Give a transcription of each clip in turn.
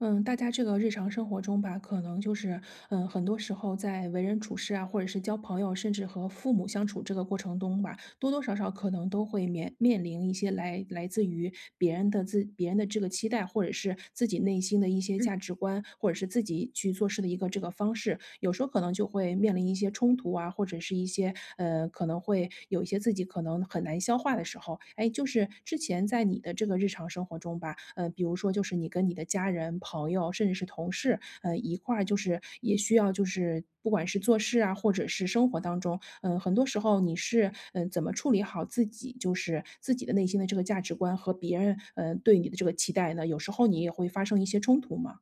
嗯，大家这个日常生活中吧，可能就是，嗯，很多时候在为人处事啊，或者是交朋友，甚至和父母相处这个过程中吧，多多少少可能都会面面临一些来来自于别人的自别人的这个期待，或者是自己内心的一些嗯。价值观，或者是自己去做事的一个这个方式，有时候可能就会面临一些冲突啊，或者是一些，呃，可能会，有一些自己可能很难消化的时候。哎，就是之前在你的这个日常生活中吧，呃，比如说就是你跟你的家人、朋友，甚至是同事，呃，一块儿就是也需要就是不管是做事啊，或者是生活当中，嗯，很多时候你是，嗯，怎么处理好自己，就是自己的内心的这个价值观和别人，呃，对你的这个期待呢？有时候你也会发生一些冲突嘛？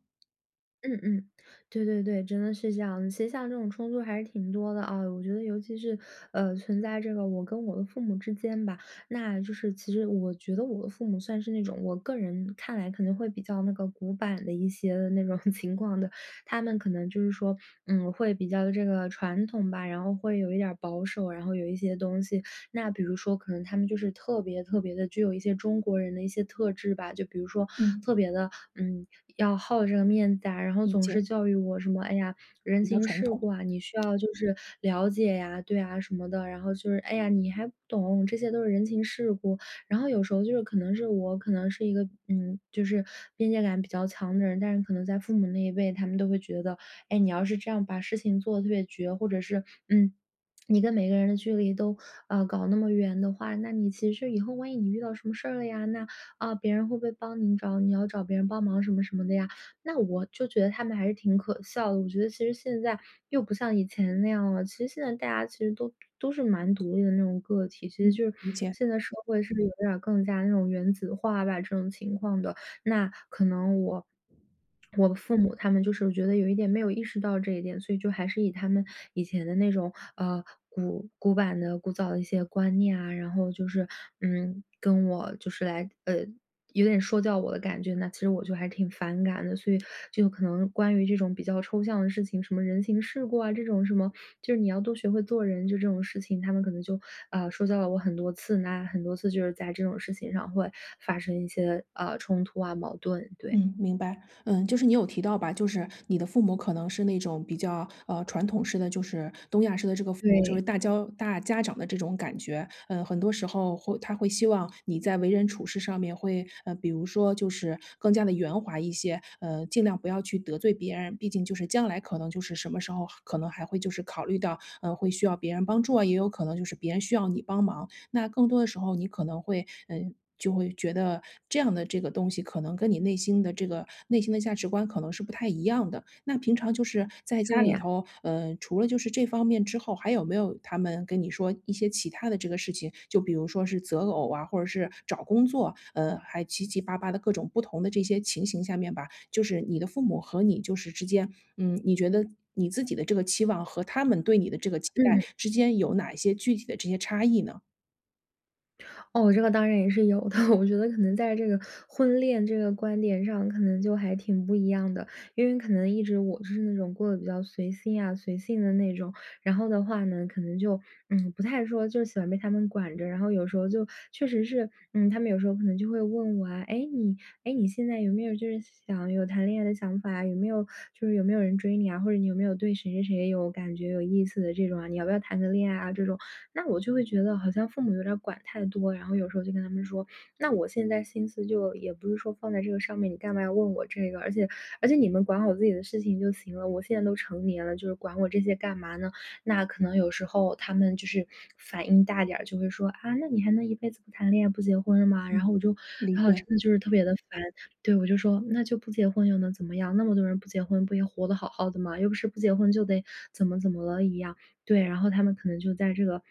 嗯，嗯，对对对，真的是这样，其实像这种冲突还是挺多的啊，我觉得尤其是，呃，存在这个我跟我的父母之间吧。那就是其实我觉得我的父母算是那种我个人看来可能会比较那个古板的一些那种情况的。他们可能就是说，嗯，会比较这个传统吧，然后会有一点儿保守。然后有一些东西那比如说可能他们就是特别特别地具有一些中国人的一些特质吧，就比如说嗯。特别地，嗯，要好这个面子啊，然后理总解。是教育我什么：”哎呀，人比较情传世统。故啊，你需要就是了解啊。“对啊，什么的，然后就是：“哎呀，你还不懂，这些都是人情世故。”然后有时候就是可能是我可能是一个，嗯，就是边界感比较强的人，但是可能在父母那一辈，他们都会觉得，诶，你要是这样把事情做得特别绝，或者是，嗯，你跟每个人的距离都，啊，搞那么远的话，那你其实以后万一你遇到什么事儿了呀，那，啊，别人会不会帮你找，你要找别人帮忙什么什么的呀。那我就觉得他们还是挺可笑的，我觉得其实现在又不像以前那样了，其实现在大家其实都都是蛮独立的那种个体，其实嗯。就是理解。现在社会是不是有点儿更加那种原子化吧这种情况的。那可能我我的父母他们就是觉得有一点没有意识到这一点，所以就还是以他们以前的那种，呃，古古板的、古早的一些观念啊，然后就是，嗯，跟我就是来，呃，有点说教我的感觉呢，其实我就还挺反感的。所以就可能关于这种比较抽象的事情，什么人情世故啊这种什么，就是你要多学会做人，就这种事情，他们可能就，啊，说教了我很多次，那很多次就是在这种事情上会发生一些，啊，冲突啊、矛盾，对。嗯，明白。嗯，就是你有提到吧，就是你的父母可能是那种比较，呃，传统式的，就是东亚式的这个父母就是对。大教大家长的这种感觉，嗯，很多时候会他会希望你在为人处事上面会，呃，比如说就是更加地圆滑一些，呃，尽量不要去得罪别人，毕竟就是将来可能就是什么时候可能还会就是考虑到，呃，会需要别人帮助啊，也有可能就是别人需要你帮忙。那更多的时候你可能会，嗯，就会觉得这样的这个东西可能跟你内心的这个内心的价值观可能是不太一样的。那平常就是在家对里呀。头，呃，除了就是这方面之后，还有没有他们跟你说一些其它的这个事情，就比如说是择偶啊，或者是找工作，呃，还七七八八的各种不同的这些情形下面吧，就是你的父母和你就是之间，嗯，你觉得你自己的这个期望和他们对你的这个期待嗯。之间有哪一些具体的这些差异呢？哦，这个当然也是有的，我觉得可能在这个，婚恋这个观点上可能就还挺不一样的。因为可能一直我是那种过得比较随心啊、随性的那种。然后的话呢，可能就，嗯，不太说就喜欢被他们管着，然后有时候就确实是，嗯，他们有时候可能就会问我啊：“哎，你哎，你现在有没有就是想要有谈恋爱的想法啊？有没有就是有没有人追你啊，或者你有没有对谁谁谁有感觉、有意思的这种啊？你要不要谈个恋爱啊？”这种，那我就会觉得好像父母有点儿管太多，然后有时候就跟他们说：“那我现在心思就也不是说放在这个上面，你干嘛要问我这个，而且而且你们管好自己的事情就行了，我现在都成年了，就是管我这些干嘛呢？”那可能有时候他们就是反应大点儿，就会说：“啊，那你还能一辈子不谈恋爱，不结婚了吗？”然嗯，后我就理然后解。真的就是特别地烦，对，我就说：“那就不结婚又能怎么样？那么多人不结婚不也活得好好的嘛，又不是不结婚就得怎么怎么了一样。”对，然后他们可能就在这个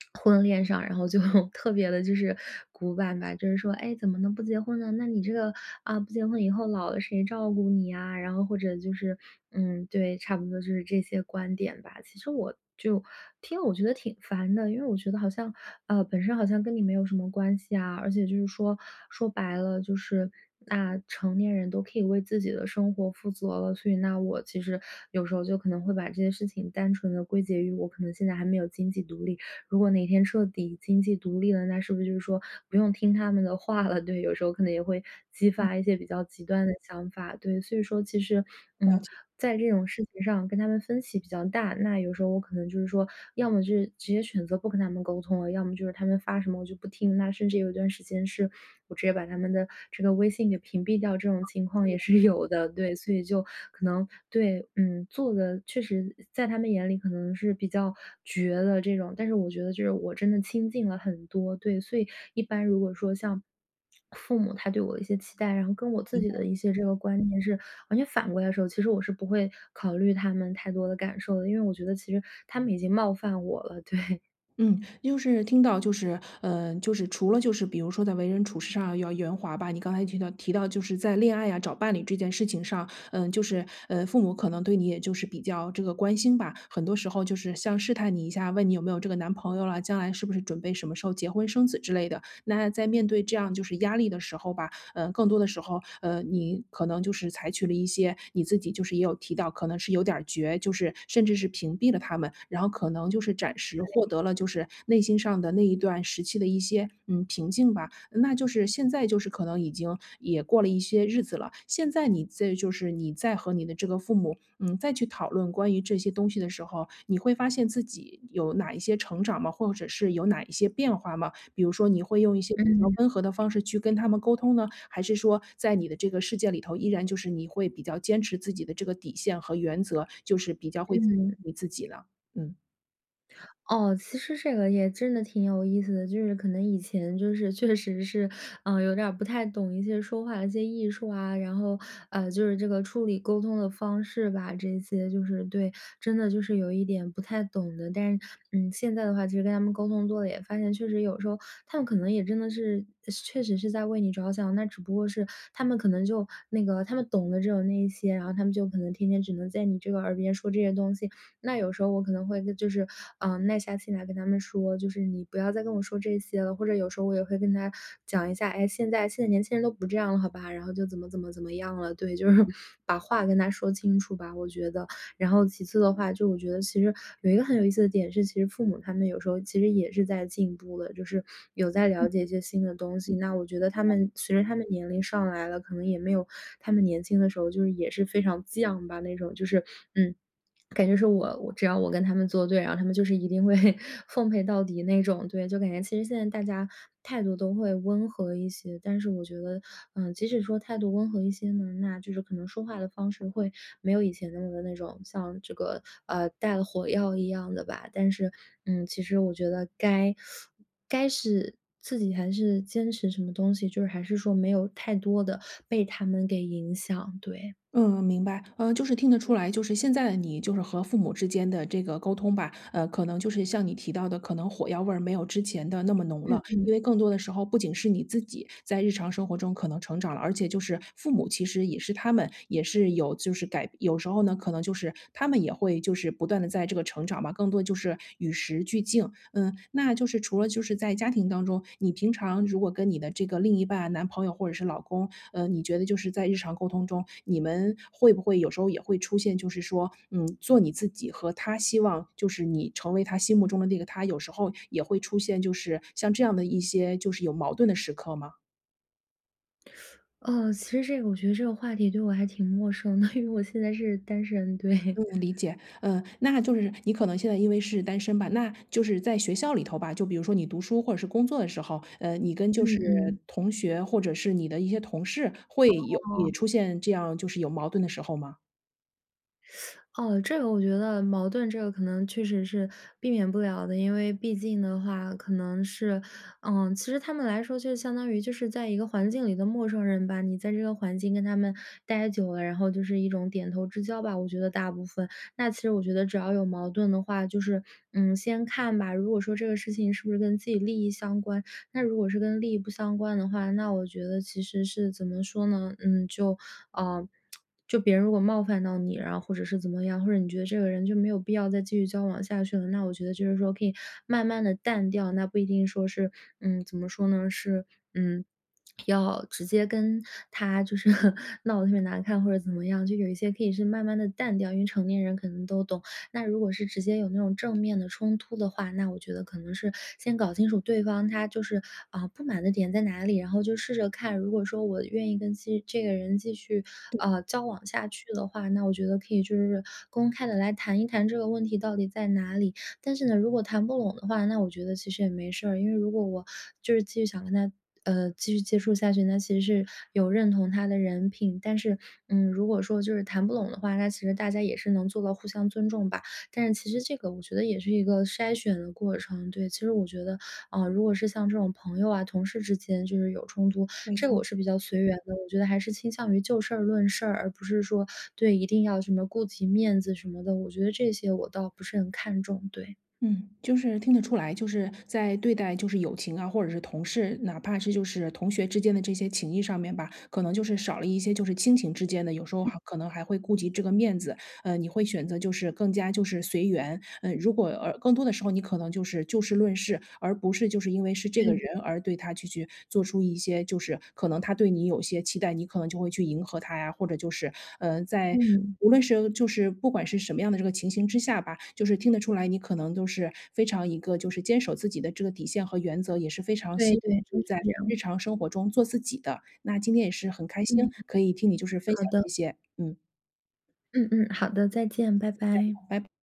婚恋上，然后就特别地就是古板吧，就是说：“哎，怎么能不结婚呢，那你这个，啊，不结婚以后老了谁照顾你啊？”然后或者就是嗯，对，差不多就是这些观点吧。其实我就听了我觉得挺烦的，因为我觉得好像，呃，本身好像跟你没有什么关系啊。而且就是说，说白了就是那成年人都可以为自己的生活负责了，所以那我其实有时候就可能会把这些事情单纯地归结于我可能现在还没有经济独立，如果哪天彻底经济独立了，那是不是就是说，不用听他们的话了，对，有时候可能也会激嗯。发一些比较极端的想法，对。所以说其实，了嗯，解。在这种事情上跟他们分歧比较大。那有时候我可能就是说，要么就是直接选择不跟他们沟通了，要么就是他们发什么我就不听，那甚至有一段时间是我直接把他们的这个微信给屏蔽掉，这种情况也对。是有的。对，所以就可能对，嗯，做得确实在他们眼里可能是比较绝了这种，但是我觉得就是我真的清静了很多。对，所以一般如果说像父母他对我的一些期待，然后跟我自明己白。的一些这个观念是完全反过来的时候，其实我是不会考虑他们太多的感受的，因为我觉得其实他们已经冒犯我了，对。嗯，就是听到就是呃就是除了就是比如说在为人处事上要圆滑吧，你刚才提到提到就是在恋爱啊、找伴侣这件事情上，呃，就是，呃，父母可能对你也就是比较这个关心吧，很多时候就是像试探你一下，问你有没有这个男朋友了，将来是不是准备什么时候结婚生子之类的。那在面对这样就是压力的时候吧，呃，更多的时候，呃，你可能就是采取了一些，你自己就是也有提到，可能是有点儿绝，就是甚至是屏蔽了他们，然后可能就是暂时获对。得了就是内心上的那一段时期的一些，嗯，平静吧。那就是现在就是可能已经也过了一些日子了，现在你再就是你再和你的这个父母，嗯，再去讨论关于这些东西的时候，你会发现自己有哪一些成长吗？或者是有哪一些变化吗？比如说你会用一些比较嗯。温和的方式去跟他们沟通呢？还是说在你的这个世界里头依然就是你会比较坚持自己的这个底线和原则，就是比较会坚嗯。持自己呢？嗯。哦，其实这个也真的挺有意思的。就是可能以前就是确实是，呃，有点儿不太懂一些说话的一些艺术啊，然后，呃，就是这个处理沟通的方式吧，这些就是对，真的就是有一点不太懂的。但是，嗯，现在的话其实跟他们沟通多了也发现确实有时候，他们可能也真的是是确实是在为你着想，那只不过是他们可能就那个他们懂的只有那一些，然后他们就可能天天只能在你这个耳边说这些东西。那有时候我可能会就是，呃，耐下心来跟他们说，就是你不要再跟我说这些了，或者有时候我也会跟他讲一下：”哎，现在现在年轻人都不这样了，好吧。“然后就怎么怎么怎么样了。对，就是把话跟他说清楚吧，我觉得。然后其次的话，就我觉得其实有一个很有意思的点是，其实父母他们有时候其实也是在进步的，就是有在嗯。了解一些新的东西，那我觉得他们随着他们年龄上来了，可能也没有他们年轻的时候就是也是非常犟吧那种就是，嗯，感觉说我只要我跟他们作对，然后他们就是一定会奉陪到底那种。对，就感觉其实现在大家态度都会温和一些，但是我觉得，嗯，即使说态度温和一些呢，那就是可能说话的方式会没有以前的那个那种像这个，啊，带了火药一样的吧，但是，嗯，其实我觉得该 该是自己还是坚持什么东西，就是还是说没有太多地被他们给影响，对。嗯，明白。呃，就是听得出来，就是现在的你就是和父母之间的这个沟通吧，呃，可能就是像你提到的可能火药味儿没有之前的那么浓嗯了，嗯。因为更多的时候不仅是你自己在日常生活中可能成长了，而且就是父母其实也是他们也是有就是改有时候呢，可能就是他们也会就是不断地在这个成长嘛，更多就是与时俱进。嗯，那就是除了就是在家庭当中，你平常如果跟你的这个另一半男朋友或者是老公，呃，你觉得就是在日常沟通中，你们会不会有时候也会出现，就是说，嗯，做你自己和他希望就是你成为他心目中的那个她，有时候也会出现，就是像这样的一些就是有矛盾的时刻吗？呃，其实这个我觉得这个话题对我还挺陌生的，因为我现在是单身，对。嗯，理解，呃，那就是-你可能现在因为是单身吧-那就是在学校里头吧，就比如说你读书或者是工作的时候，呃，你跟就嗯，是嗯。同学或者是你的一些同事会有也哦。出现这样就是有矛盾的时候吗？哦，这个我觉得，矛盾这个可能确实是避免不了的，因为毕竟的话可能是嗯，其实他们来说就相当于就是在一个环境里的陌生人吧，你在这个环境跟他们待久了，然后就是一种点头之交吧，我觉得大部分。那其实我觉得只要有矛盾的话，就是，嗯，先看吧，如果说这个事情是不是跟自己利益相关。那如果是跟利益不相关的话，那我觉得其实是怎么说呢，嗯，就，啊，就别人如果冒犯到你，然后或者是怎么样，或者你觉得这个人就没有必要再继续交往下去了，那我觉得就是说可以慢慢地淡掉。那不一定说是嗯，怎么说呢？是，嗯，要直接跟他就是 闹得特别难看或者怎么样，就有一些可以是慢慢地淡掉，因为成年人可能都懂。那如果是直接有那种正面的冲突的话，那我觉得可能是先搞清楚对方他就是，呃，不满的点在哪里，然后就试着看，如果说我愿意跟继这个人继续，对。呃，交往下去的话，那我觉得可以就是公开地来谈一谈这个问题到底在哪里。但是呢，如果谈不拢的话，那我觉得其实也没事儿，因为如果我就是继续想跟他，呃，继续接触下去，那其实是有认同他的人品。但是，嗯，如果说就是谈不拢的话，那其实大家也是能做到互相尊重吧，但是其实这个我觉得也是一个筛选的过程，对。其实我觉得，啊，如果是像这种朋友啊、同事之间就是有冲突，没这个错。我是比较随缘的，我觉得还是倾向于就事儿论事儿。而不是说，对，一定要什么顾及面子什么的，我觉得这些我倒不是很看重，对。嗯，就是听得出来，就是在对待就是友情啊，或者是同事，哪怕是就是同学之间的这些情谊上面吧，可能就是少了一些就是亲情之间的，有时候嗯。还可能还会顾及这个面子。呃，你会选择就是更加就是随缘，嗯，如果，呃，更多的时候你可能就是就事论事，而不是就是因为是这对个对。人而对他就去做出一些，就是，可能他对你有些期待，你可能就会去迎合他呀。或者就是，嗯，在，嗯。无论是就是不管是什么样的这个情形之下吧，就是听得出来，你可能都是非常一个就是坚守自己的这个底线和原则，也是非常希对望对，就是在这样。日常生活中做自己的。那今天也是很开心，嗯。可以听你就是分好享这的。些，嗯。嗯嗯，好的，再见，拜拜。拜